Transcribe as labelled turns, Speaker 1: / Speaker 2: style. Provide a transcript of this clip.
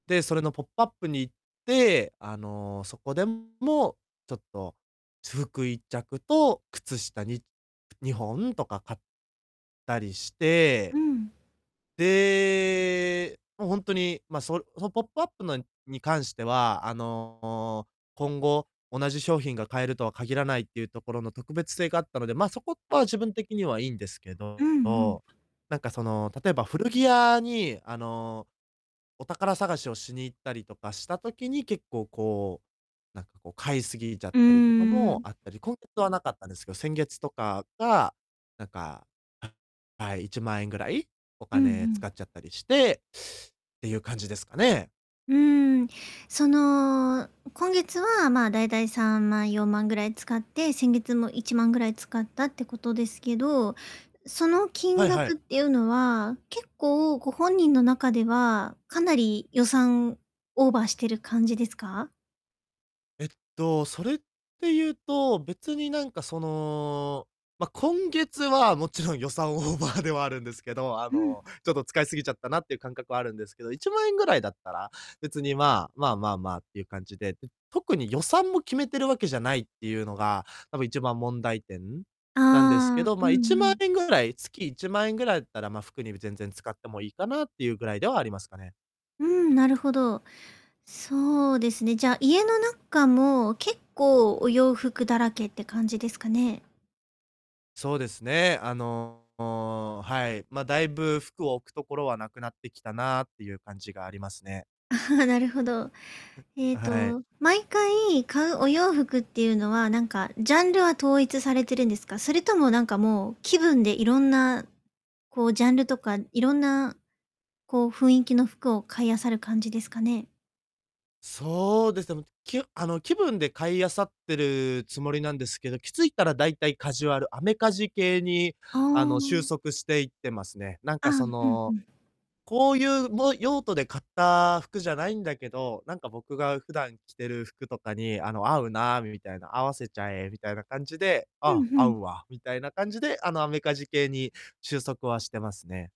Speaker 1: で、それの、ポップアップに行って、あの、そこでも、ちょっと私服1着と靴下、に2本とか、買ったりして
Speaker 2: うん。
Speaker 1: で、ま、ほんとに、ま、そその、ポップアップのに関しては、あの、今後、同じ商品が買えるとは限らないっていうところの特別性があったので、ま、そこは、自分的にはいいんですけ
Speaker 2: うん
Speaker 1: ど、
Speaker 2: うん。
Speaker 1: なんか、その、例えば古着屋に、あの、お宝探しをしに行ったりとかした時に、結構、こう、なんか、こう、買いすぎちゃっ
Speaker 2: うー
Speaker 1: たりとかもあ
Speaker 2: ん。
Speaker 1: ったり、今月はなかったですけど、先月とかが、なんか、ははい。1万円ぐらいお
Speaker 2: うんう
Speaker 1: 金使っ
Speaker 2: ん。
Speaker 1: ちゃったりして、っていう感じですかね。
Speaker 2: うーん。その、今月は、まあ、だいたい3万4万ぐらい使って、先月も1万ぐらい使ったってことですけど、その、
Speaker 1: は
Speaker 2: 金
Speaker 1: いはい。
Speaker 2: 額っていうのは、結構、ご本人の中では、かなり予算オーバーしてる感じですか？
Speaker 1: えっと、それっていうと、別になんか、その、ま、今月はもちろん予算オーバーではあるんですけど、あ
Speaker 2: うん。
Speaker 1: の、ちょっと使いすぎちゃったなっていう感覚はあるんですけど、1万円ぐらいだったら、別に、まあ。まあまあまあ、っていう感じで、特に予算も決めているわけじゃないっていうのが、たぶん一番問題点なんですけ
Speaker 2: ああ。
Speaker 1: ど、
Speaker 2: う
Speaker 1: ま、い
Speaker 2: ん
Speaker 1: ち
Speaker 2: う
Speaker 1: まん
Speaker 2: ん。
Speaker 1: えんぐらい月1万円ぐらいだったら、まあ、服に全然使ってもいいかなっていうぐらいではありますかね。
Speaker 2: うん。なるほど。そうですね。じゃあ、家の中も結構、お洋服だらけって感じですかね？
Speaker 1: そうですね。あの、はい。まあ、だいぶ服を置くところは無くなってきたなっていう感じがありますね。
Speaker 2: ああ、なるほど。ええ
Speaker 1: はい。
Speaker 2: と、毎回買うお洋服っていうのは、何かジャンルは統一されてるんですか？それとも何か、もう、気分でいろんな、こう、ジャンルとかいろんな、こう、雰囲気の服を買いあさる感じですかね。
Speaker 1: そうです。でも、きうあの、気分で買い漁ってるつもりなんですけど、気づいたら大体カジュアルアメカジ系に、
Speaker 2: あ
Speaker 1: あの、収
Speaker 2: あ。
Speaker 1: 束していってますね。なん
Speaker 2: ああ。
Speaker 1: か、そ
Speaker 2: うんう
Speaker 1: の、
Speaker 2: ん。
Speaker 1: こういう、も用途で買った服じゃないんだけど、なんか僕が普段着てる服とかに、あの、合うなみたいな、合わせちゃえみたいな感じで、
Speaker 2: う
Speaker 1: あ、
Speaker 2: んう
Speaker 1: 合
Speaker 2: ん。
Speaker 1: うわみたいな感じで、あの、アメカジ系に収束はしてますね。